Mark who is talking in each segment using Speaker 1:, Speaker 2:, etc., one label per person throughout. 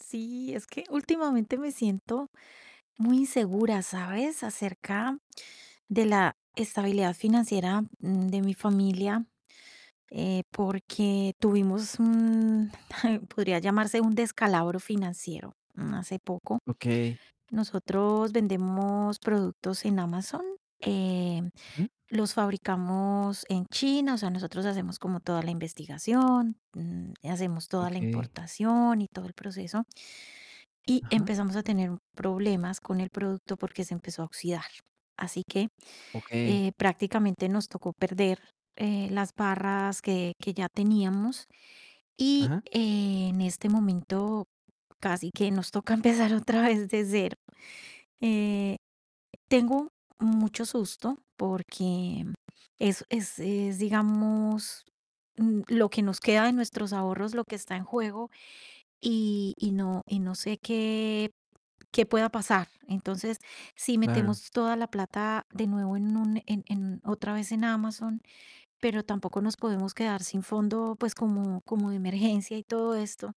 Speaker 1: Sí. Es que últimamente, me siento muy insegura, ¿sabes? Acerca de la estabilidad financiera, mm, de mi familia, eh, porque tuvimos un podría llamarse, un descalabro financiero, mm, hace poco.
Speaker 2: Okey.
Speaker 1: Nosotros vendemos productos en Amazon, eh,
Speaker 2: Ujú.
Speaker 1: los fabricamos en China, o sea, nosotros hacemos como toda la investigación, mm, hacemos toda la
Speaker 2: Okey.
Speaker 1: importación, y todo el proceso. Y
Speaker 2: Ajá.
Speaker 1: empezamos a tener m problemas con el producto, porque se empezó a oxidar. Así que,
Speaker 2: Okey.
Speaker 1: eh, prácticamente, nos tocó perder, eh, las barras que que ya teníamos, y,
Speaker 2: Ajá.
Speaker 1: eh, en este momento, casi que nos toca, empezar otra vez, de 0. Eh, tengo mucho susto, porque es es, eh, es, digamos, mm, lo que nos queda de nuestros ahorros, lo que está en juego, y y no y no sé qué qué pueda pasar. Entonces, si
Speaker 2: Claro.
Speaker 1: metemos toda la plata, de nuevo, en un en en otra vez, en Amazon, pero tampoco, nos podemos quedar sin fondo, pues, como como de emergencia, y todo esto.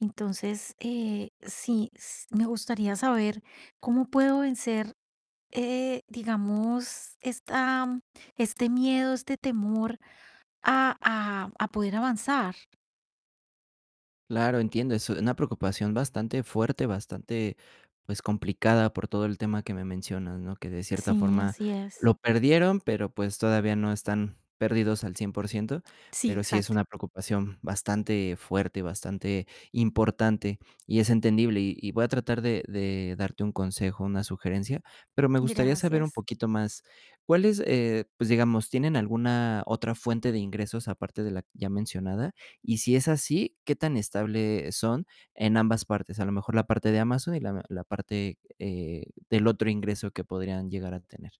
Speaker 1: Entonces, eh, sí, s me gustaría saber, ¿cómo puedo vencer, eh, digamos, esta este miedo, este temor a a a poder avanzar?
Speaker 2: Claro, entiendo. Es una preocupación bastante fuerte, bastante, pues, complicada, por todo el tema que me mencionas, ¿no? Que de cierta
Speaker 1: Sí,
Speaker 2: forma,
Speaker 1: así es.
Speaker 2: lo perdieron. Pero pues, todavía no están perdidos al 100%,
Speaker 1: Sí,
Speaker 2: pero sí es
Speaker 1: exacto.
Speaker 2: una preocupación, bastante fuerte, y bastante importante, y es entendible. Y y voy a tratar de de darte un consejo, una sugerencia. Pero me gustaría saber, un
Speaker 1: Gracias.
Speaker 2: poquito más, cuáles, eh, pues, digamos, ¿tienen alguna otra fuente de ingresos, aparte de la ya mencionada? Y si es así, ¿qué tan estable son, en ambas partes? A lo mejor, la parte de Amazon, y la la parte, eh, del otro ingreso, que podrían llegar a tener.